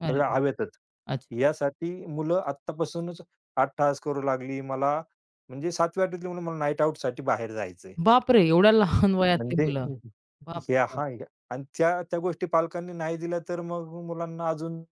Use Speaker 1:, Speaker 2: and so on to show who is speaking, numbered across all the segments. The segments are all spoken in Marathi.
Speaker 1: नाही.
Speaker 2: हवेतच.
Speaker 1: अच्छा.
Speaker 2: यासाठी मुलं आत्तापासूनच अट्टहास करू लागली, मला म्हणजे 7वी-8वी तली मुलं मला नाईटआउटसाठी बाहेर जायचंय.
Speaker 1: बापरे! एवढ्या लहान वयातली
Speaker 2: म्हणजे
Speaker 1: मुलं.
Speaker 2: हं, हं.
Speaker 1: बाप
Speaker 2: हे
Speaker 1: रे बाप!
Speaker 2: हां. आणि त्या त्या गोष्टी पालकांनी नाही दिल्या, तर मग मुलांना अजून,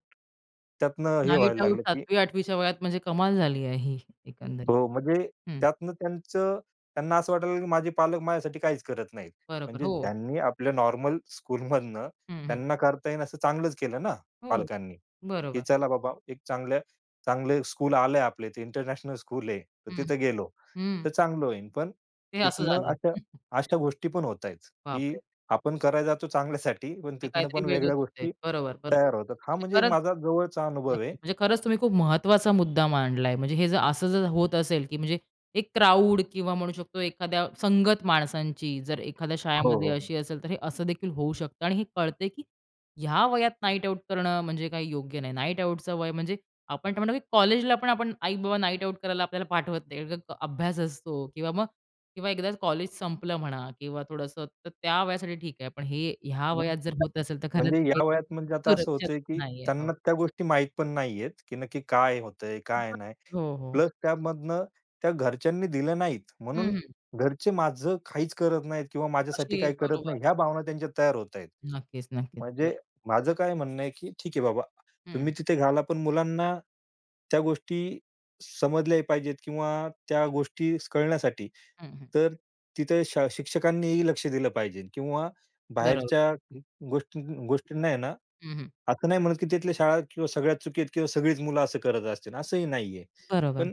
Speaker 2: त्यातनं हे व्हायला
Speaker 1: नाईटआउट,
Speaker 2: लागलं, की
Speaker 1: 7वी-8वी च्या वयात म्हणजे कमाल झाली आहे, ही एकंदरीत.
Speaker 2: हो. म्हणजे
Speaker 1: हं.
Speaker 2: त्यातनं त्यांचं त्यांना असं वाटायला लागलं की माझे पालक माझ्यासाठी काहीच करत नाहीत.
Speaker 1: बरोबर.
Speaker 2: म्हणजे
Speaker 1: हो.
Speaker 2: ज्यांनी आपल्या नॉर्मल स्कूलमधनं
Speaker 1: हं, हं.
Speaker 2: त्यांना करता येईल असं चांगलंच केलं ना,
Speaker 1: हो.
Speaker 2: पालकांनी, की
Speaker 1: बरोबर.
Speaker 2: चला बाबा एक चांगल्या चांगले स्कूल आलंय. आपल्या इथे इंटरनॅशनल स्कूल आहे, तर
Speaker 1: हं, हं.
Speaker 2: तिथे गेलो
Speaker 1: हं.
Speaker 2: तर चांगलं होईल. पण
Speaker 1: हे असं
Speaker 2: तिथनं
Speaker 1: झालं.
Speaker 2: अशा अशा गोष्टी पण होतायेत, की
Speaker 1: बापरे!
Speaker 2: आपण करायला जातो चांगल्यासाठी, पण
Speaker 1: आणि
Speaker 2: तिथनं
Speaker 1: काहीतरी
Speaker 2: पण
Speaker 1: वेगळंच
Speaker 2: वेगळ्या
Speaker 1: होतंय.
Speaker 2: गोष्टी
Speaker 1: बरोबर, बरोबर.
Speaker 2: तयार होतात. हा
Speaker 1: म्हणजे
Speaker 2: म्हणजे
Speaker 1: खरंच
Speaker 2: माझा जवळचा अनुभव आहे.
Speaker 1: नक्कीच. म्हणजे खरंच तुम्ही खूप महत्वाचा मुद्दा मांडलाय. म्हणजे हे जर असं जर होत असेल की म्हणजे एक क्राउड किंवा म्हणू शकतो एखाद्या संगत माणसांची जर एखाद्या
Speaker 2: हो,
Speaker 1: शाळेमध्ये
Speaker 2: हो, हो.
Speaker 1: अशी असेल, तर हे असं देखील होऊ शकतं. आणि हे कळतंय की ह्या वयात नाईटआउट करणं म्हणजे काही योग्य नाही. नाईटआउटचं वय म्हणजे आपण आता म्हणतो, की कॉलेजला पण आपण आई-बाबा नाईटआउट करायला आपल्याला पाठवत नाही. कारण का, अभ्यास असतो किंवा मग किंवा एकदाचं कॉलेज संपलं म्हणा किंवा थोडंसं, तर त्या वयासाठी ठीक आहे. पण हे ह्या
Speaker 2: हं.
Speaker 1: वयात जर
Speaker 2: [unintelligible]
Speaker 1: होत असेल तर खरंच
Speaker 2: म्हणजे
Speaker 1: काही
Speaker 2: या वयात म्हणजे आता असं
Speaker 1: सुरक्षित
Speaker 2: होतंय, की
Speaker 1: नाहीये. हो.
Speaker 2: त्यांना त्या गोष्टी माहीत पण नाहीयेत, की नक्की काय होतंय, काय
Speaker 1: [unintelligible]
Speaker 2: नाही?
Speaker 1: हो, हो.
Speaker 2: प्लस त्यामधनं त्या घरच्यांनी दिल्या नाहीत, म्हणून
Speaker 1: हं, हं.
Speaker 2: घरचे माझं काहीच करत नाहीत किंवा माझ्यासाठी
Speaker 1: अशी.
Speaker 2: काही करत
Speaker 1: बरोबर.
Speaker 2: नाही, या भावना त्यांच्या तयार होताहेत.
Speaker 1: नक्कीच, नक्कीच. बरो
Speaker 2: म्हणजे माझं काय म्हणणं आहे, की ठीक आहे बाबा
Speaker 1: हं.
Speaker 2: तुम्ही तिथे घाला, पण मुलांना त्या गोष्टी समजल्याही पाहिजेत किंवा त्या गोष्टी स कळण्यासाठी,
Speaker 1: हं, हं.
Speaker 2: तर तिथे शा शिक्षकांनीही लक्ष दिलं पाहिजेल किंवा
Speaker 1: बरोबर.
Speaker 2: बाहेरच्या अं, गोष्टी गोष्टींना आहे ना,
Speaker 1: हं, हं.
Speaker 2: असं नाही म्हणत, की तिथल्या शाळा किंवा सगळ्या चुकीत किंवा सगळीच मुलं असं करत असतील असंही नाहीये.
Speaker 1: बरोबर.
Speaker 2: पण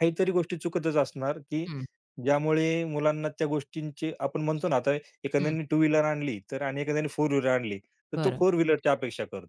Speaker 2: काहीतरी गोष्टी चुकतच असणार, की
Speaker 1: हं.
Speaker 2: ज्यामुळे मुलांना त्या गोष्टींची आपण म्हणतो ना, आता
Speaker 1: हं.
Speaker 2: एखाद्याने टू व्हीलर आणली, तर आणि एखाद्याने फोर व्हीलर आणली, तर तो
Speaker 1: बरं.
Speaker 2: फोर व्हीलरची अपेक्षा करतो.